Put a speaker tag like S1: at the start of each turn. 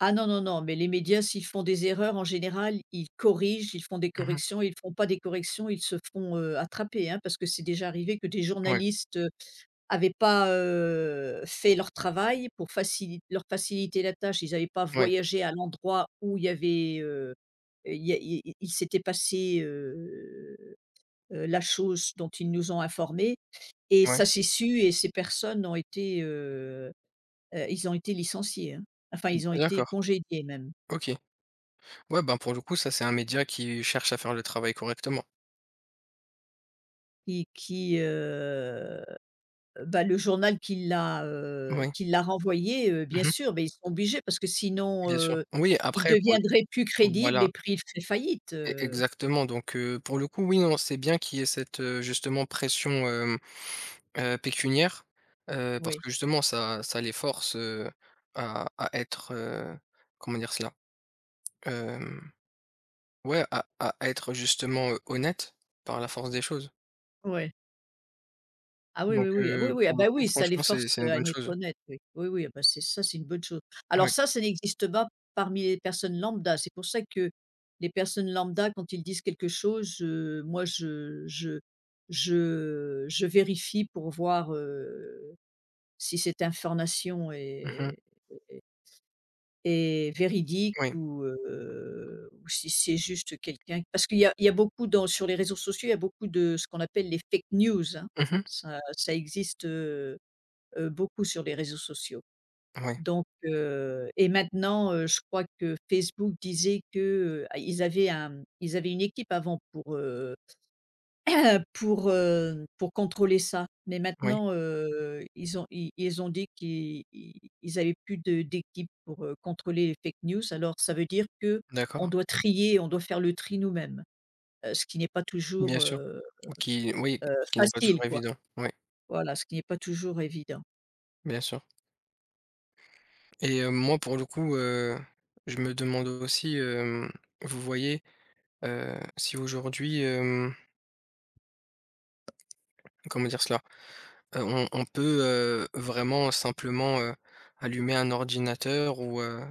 S1: Ah, non, non, non, mais les médias s'ils font des erreurs en général, ils corrigent, ils font des
S2: Mmh mh.
S1: corrections, ils font pas des corrections, ils se font, heu, attraper, hein, parce que c'est déjà arrivé que des
S2: Ouais.
S1: journalistes, heu, avaient pas, heu, fait leur travail pour facilit leur faciliter la tâche, ils avaient pas
S2: Oui.
S1: voyagé à l'endroit où il y avait, heu et il y a il y a il s'était passé, heu, heu, la chose dont ils nous ont informés et
S2: Ouais.
S1: ça s'est su et ces personnes ont été heu heu, ils ont été licenciés, hein. Enfin ils ont été
S2: D'accord,
S1: congédiés même.
S2: OK. Ouais ben, pour le coup ça c'est un média qui, cherche à faire le travail correctement.
S1: Et qui heu, bah, le journal qui l'a, heu,
S2: Oui.
S1: qui l'a renvoyé, heu, bien
S2: Mmh mh.
S1: sûr, beh, ils sont obligés parce que sinon,
S2: Bien sûr.
S1: heu,
S2: Oui,
S1: ils
S2: après pour le
S1: deviendraient plus crédibles et
S2: voilà.
S1: pris il feraient faillite,
S2: É
S1: heu
S2: exactement donc heu, pour le coup, oui, non c'est bien qu'il y ait cette, heu, justement pression, hem, heu, pécuniaire. Heu, parce
S1: Oui.
S2: que justement ça ça les force, heu, à à être, heu, comment dire cela? Hem, ouais, à à être, heu, justement, heu, honnête. Par la force des choses.
S1: Ouais. Ah, oui,
S2: Donc
S1: oui, oui, ah, oui,
S2: heu,
S1: oui, ah,
S2: pour le
S1: bah,
S2: coup,
S1: oui! Ça les
S2: franchement, c'est
S1: force,
S2: c'est
S1: heu,
S2: une
S1: à
S2: bonne
S1: être
S2: chose.
S1: honnête oui. Oui, oui, ah, bah, c'est ça c'est une bonne chose.
S2: Oui.
S1: Alors ça ça n'existe bas parmi les personnes lambda, c'est pour ça que, les personnes lambda quand ils disent quelque chose, heu, moi je je je je vérifie pour voir, heu, si cette information
S2: Mmh mh.
S1: est est est est véridique
S2: Oui.
S1: ou heu, ou si c'est juste quelqu'un parce qu'il y a il y a beaucoup dans sur les réseaux sociaux, il y a beaucoup de ce qu'on appelle les fake news hein,
S2: Mmh mh.
S1: ça ça existe, heu heu, beaucoup sur les réseaux sociaux.
S2: Oui.
S1: Donc heu, et maintenant, heu, je crois que Facebook disait que, heu, à ils avaient un ils avaient une équipe avant pour heu, pour, heu, pour contrôler ça, mais
S2: Oui.
S1: maintenant, heu, ils ont ils ils ont dit qu'ils ils avaient plus de d'équipes pour, heu, contrôler les fake news Alors ça veut dire qu'on
S2: D'accord.
S1: doit trier on doit faire le tri nous-mêmes. Heu, ce qui n'est pas toujours,
S2: Bien sûr,
S1: heu
S2: ou qui oui,
S1: heu,
S2: ce qui n'est pas
S1: facile
S2: toujours
S1: quoi,
S2: évident, oui.
S1: voilà ce qui est pas toujours évident.
S2: Bien sûr. Et heu, moi pour le coup, heu, je me demande aussi, hem, vous voyez, heu, si aujourd'hui, hem comment dire cela? Heu, on on peut heu, vraiment simplement heu, allumer un ordinateur ou heu?